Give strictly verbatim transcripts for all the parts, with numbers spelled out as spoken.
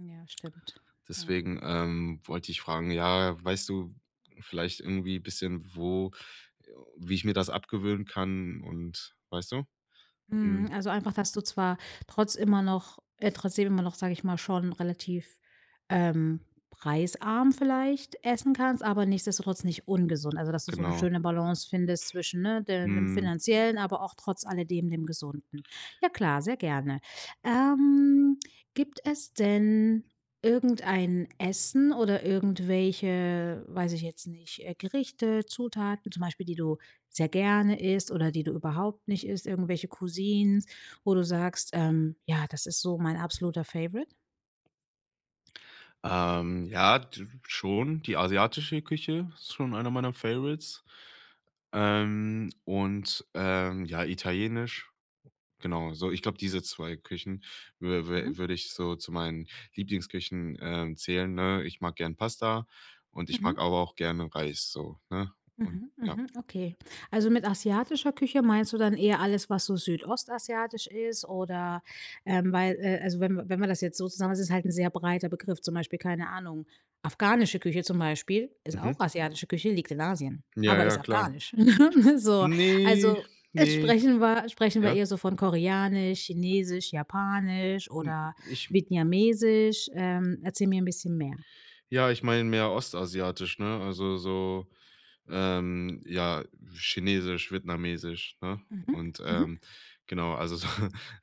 Mm, ja, stimmt. Ja. Deswegen, ähm, wollte ich fragen, ja, weißt du vielleicht irgendwie bisschen, wo wie ich mir das abgewöhnen kann und weißt du? Mhm, Hm. also einfach, dass du zwar trotz immer noch äh, trotzdem immer noch- sag ich mal- schon relativ, ähm, preisarm vielleicht essen kannst, aber nichtsdestotrotz nicht ungesund. Also, dass du so 'ne Genau. schöne Balance findest zwischen, ne, de dem Mhm. Finanziellen, aber auch trotz alledem, dem Gesunden. Ja klar, sehr gerne. Ähm, gibt es denn irgendein Essen oder irgendwelche- weiß ich jetzt nicht- äh, Gerichte, Zutaten zum Beispiel, die du sehr gerne isst oder die du überhaupt nicht isst, irgendwelche Cuisines, wo du sagst, ähm: „Ja, das ist so mein absoluter Favorite”? Ähm, ja, d schon. Die asiatische Küche ist schon einer meiner Favorites. Ähm, und, ähm, ja, Italienisch, genau, so. Ich glaube, diese zwei Küchen wü wü Mhm. würde ich so zu meinen Lieblingsküchen, ähm, zählen, ne, ich mag gern Pasta und ich mag Mhm. aber auch gerne Reis so, ne, und, Mhm, ja. mhm, okay. Also mit asiatischer Küche meinst du dann eher alles, was so südostasiatisch ist oder, ähm weil, äh also wenn m wenn man das jetzt so zusammen ist das halt 'n sehr breiter Begriff, zum Beispiel, keine Ahnung, afghanische Küche zum Beispiel ist Mhm. auch asiatische Küche, liegt in Asien, Ja, aber ist ja, klar. Afghanisch. so. Ne, Also, äh, ne. sprechen wa sprechen wir Ja. eher so von Koreanisch, Chinesisch, Japanisch Hm, oder ich Vietniamesisch? Ähm, erzähl mir 'n bisschen mehr. Ja, ich meine mehr Ostasiatisch, ne, also so, ähm, ja, Chinesisch, Vietnamesisch, ne? Mhm, Und, mhm. ähm, genau, also so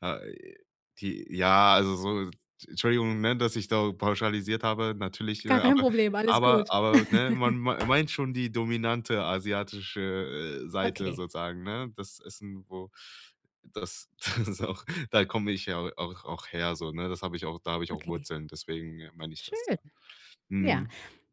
äh, die ja, also so Entschuldigung, ne, dass ich da pauschalisiert habe, natürlich, äh, Gar kein aber Problem, alles aber gut. aber, ne, man mein meint schon die dominante asiatische, äh, Seite Okay. sozusagen, ne? Das Essen, wo das das ist auch Da komme ich ja au auch auch her so, ne? Das hab ich auch da hab ich auch Okay. Wurzeln, deswegen, äh, meine ich das, Schön. ja. Ja, Mhm.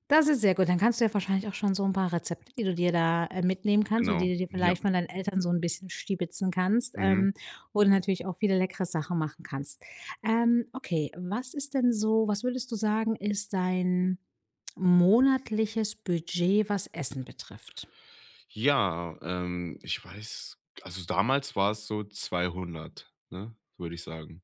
das ist sehr gut. Dann kannst du ja wahrscheinlich auch schon so 'n paar Rezepte, die du dir da, äh, mitnehmen kannst, oder Genau, die du dir ja. vielleicht von deinen Eltern so 'n bisschen stibitzen kannst, Mhm. ähm, wo du natürlich auch viele leckere Sachen machen kannst. Ähm, okay, was ist denn so was würdest du sagen, ist dein monatliches Budget, was Essen betrifft? Ja, ähm, ich weiß g also damals war es so zweihundert, ne, würde ich sagen.